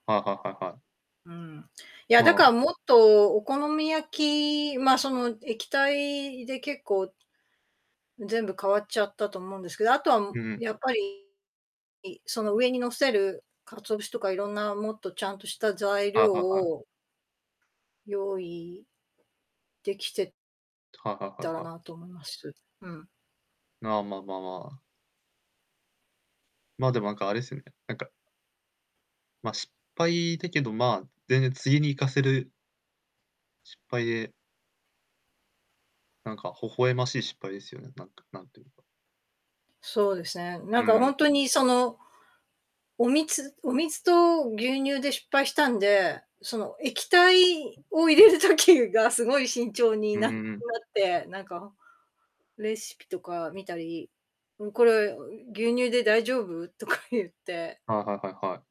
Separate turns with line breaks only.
はいはいはいはい。
うーん。いや、
ま
だ
あ。
か、もっと、お好み焼きまあ、その、液体で結構全部変わっちゃったと思うんですけど、あとは、も
うんうん。
やっぱりいその、上に乗せる、鰹節とかいろんなもっとちゃんとした材
はい
料
はいはい。
を用意できて
はいはいは
たら
いはい。
なと思います。うん。
ああ、まあまあまあ。まあ、でもなんかあれすね、なんかま、失敗だけど、まあ、全然次に活かせる失敗でなんか、微笑ましい失敗ですよね、なんか、なんとゆうか。
そうですね。な
う
ん
ん
か、ほ
うん。
んとにその、お水お水と牛乳で失敗したんで、その、液体を入れる時がすごい慎重に
う
な
ん
な
う
っ
んうん。
て、なんか、レシピとか見たり、うん、これ、ん、牛乳で大丈夫？とか言って
はいはいはいはい。